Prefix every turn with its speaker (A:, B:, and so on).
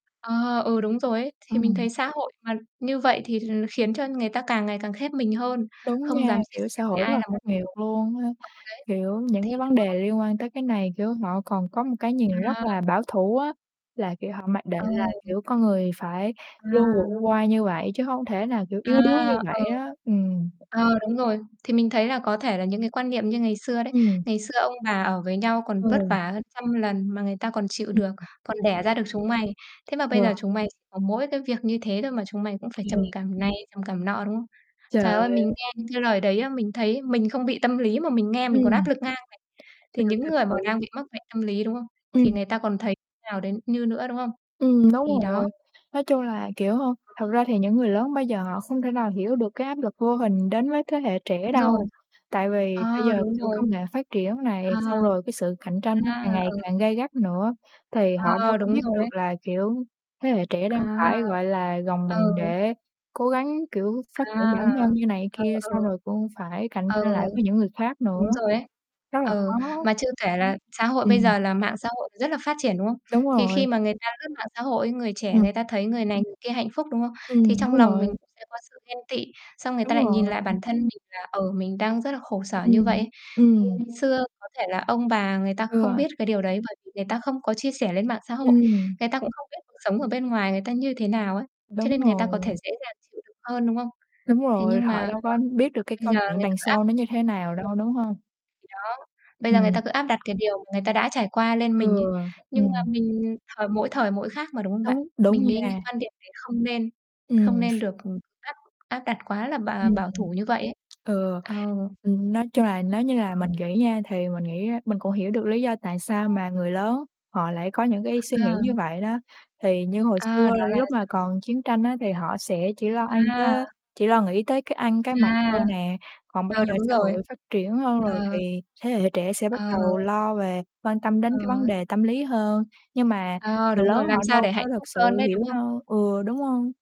A: Ờ, ừ, đúng rồi ấy. Thì mình
B: Ừm.
A: thấy xã hội mà như vậy thì là nó khiến cho người ta càng ngày càng khép mình hơn,
B: Đúng
A: không
B: nha,
A: dám chia
B: kiểu,
A: sẻ
B: xã hội
A: với
B: rất
A: ai
B: là
A: là một
B: khắc
A: điều
B: nghiệt
A: ừ,
B: luôn á, kiểu,
A: đấy.
B: những
A: Thì
B: cái vấn đề
A: đó!
B: liên quan tới cái này, kiểu, họ còn có một cái nhìn rất là
A: À.
B: bảo thủ á, là, kiểu, họ mặc định là,
A: Ừ.
B: kiểu, con người phải luôn vượt
A: À.
B: qua như vậy, chứ hông thể nào, kiểu,
A: À,
B: yếu đuối như
A: ừ.
B: vậy á. Ừm.
A: Ờ, đúng rồi. Thì mình thấy là có thể là những cái quan niệm như ngày xưa đấy,
B: Ừm.
A: ngày xưa ông bà ở với nhau còn vất
B: Ừ.
A: vả hơn trăm lần mà người ta còn chịu
B: Ưm.
A: được,
B: Ừm.
A: còn đẻ ra được chúng mày. Thế mà
B: Ừ.
A: bây giờ chúng mày ch có mỗi cái việc như thế thôi mà chúng mày cũng phải trầm
B: Ghê.
A: cảm này, trầm cảm nọ, đúng không?
B: Trời
A: Trời ơi, mình
B: ơi!
A: nghe những cái lời đấy á, mình thấy mình không bị tâm lý mà mình nghe mình còn
B: Ừm.
A: áp lực ngang này. Thì
B: Trời,
A: những
B: cật
A: người mà
B: sự.
A: đang bị mắc bệnh tâm lý, đúng không? Thì
B: Ừm.
A: người ta còn thấy nào đến như nữa, đúng không?
B: Ừm, đúng
A: Thì đó.
B: rồi. Nói chung là, kiểu, hông thật ra thì những người lớn bây giờ họ không thể nào hiểu được cái áp lực vô hình đến với thế hệ trẻ
A: Đúng rồi.
B: đâu. Tại vì bây
A: À,
B: giờ,
A: đúng
B: kiểu,
A: rồi.
B: công nghệ phát triển này,
A: À.
B: xong rồi cái sự cạnh tranh nó
A: À,
B: càng ngày
A: ừ.
B: càng gay gắt nữa, thì họ đâu
A: À,
B: có
A: đúng
B: biết
A: rồi
B: được
A: ấy.
B: là, kiểu, thế hệ trẻ đang
A: À.
B: phải, gọi là, gồng mình
A: Ừ.
B: để cố gắng, kiểu, phát triển bản
A: À.
B: thân như này
A: Ừ,
B: kia, xong
A: ừ.
B: rồi cũng phải cạnh
A: Ừ.
B: tranh lại với những người khác nữa.
A: Đúng rồi ấy.
B: Rất là
A: Ừ,
B: khó.
A: mà chưa kể là xã hội bây
B: Ừm.
A: giờ là mạng xã hội thì rất là phát triển, đúng không?
B: Đúng
A: Thì
B: rồi.
A: khi mà người ta lướt mạng xã hội, người trẻ
B: Ừm.
A: người ta thấy người này, người kia hạnh phúc, đúng không? Thì
B: Ừm,
A: trong
B: đúng
A: lòng
B: rồi.
A: mình cũng sẽ có sự ghen tị, xong người
B: Đúng
A: ta lại
B: rồi.
A: nhìn lại bản thân mình là, ờ, mình đang rất là khổ sở như vậy
B: Ừm.
A: ấy. Thì
B: Ừm.
A: ngày xưa có thể là ông bà người ta không
B: Ừ.
A: biết cái điều đấy, bởi vì người ta không có chia sẻ lên mạng xã hội,
B: Ừm.
A: người ta cũng không biết cuộc sống ở bên ngoài người ta như thế nào ấy, cho
B: Đúng
A: nên người ta có
B: rồi.
A: thể dễ dàng chịu đựng hơn, đúng không?
B: Đúng
A: Thế
B: rồi,
A: nhưng
B: họ
A: mà
B: đâu
A: đó,
B: có biết được cái
A: bây
B: câu
A: giờ
B: chuyện
A: người ta
B: đằng
A: cứ áp.
B: sau nó như thế nào
A: [unintelligible]
B: đâu, đúng hông?
A: Thì đó, bây giờ người ta
B: Ừm.
A: cứ áp đặt cái điều mà người ta đã trải qua lên
B: Ừ,
A: mình ấy, nhưng mà
B: ừm.
A: mình thời mỗi thời mỗi khác mà, đúng không bạn?
B: Đúng, đúng
A: Mình nghĩ những
B: nha.
A: quan điểm đấy không nên không
B: Ừm.
A: nên được, ừm, áp áp đặt quá là bà
B: Ừm,
A: bảo thủ như vậy ấy.
B: ừm.
A: Ừ.
B: Ừ, nói chung là nếu như là
A: Ừm.
B: mình nghĩ nha thì mình nghĩ á mình cũng hiểu được lý do tại sao
A: À.
B: mà người lớn họ lại có những cái suy
A: Ờ.
B: nghĩ như vậy đó, thì như hồi
A: À,
B: xưa
A: đó là
B: lúc mà
A: dạng
B: còn chiến tranh á thì họ sẽ chỉ lo ăn
A: À.
B: tới chỉ lo nghĩ tới cái ăn, cái mặc thôi
A: À.
B: nè, còn bây
A: Ừ,
B: giờ
A: đúng
B: xã
A: rồi.
B: hội phát triển hơn rồi
A: Ờ.
B: thì thế hệ trẻ sẽ bắt
A: Ờ.
B: đầu lo về quan tâm đến
A: Ờ.
B: cái vấn đề tâm lý hơn. Nhưng mà
A: Ờ,
B: người
A: đúng
B: lớn
A: rồi, làm
B: họ
A: sao
B: đâu
A: để
B: có
A: hạnh
B: thực
A: phúc
B: sự
A: hơn đấy, đúng
B: hiểu
A: không?
B: đâu, ừ, đúng hông?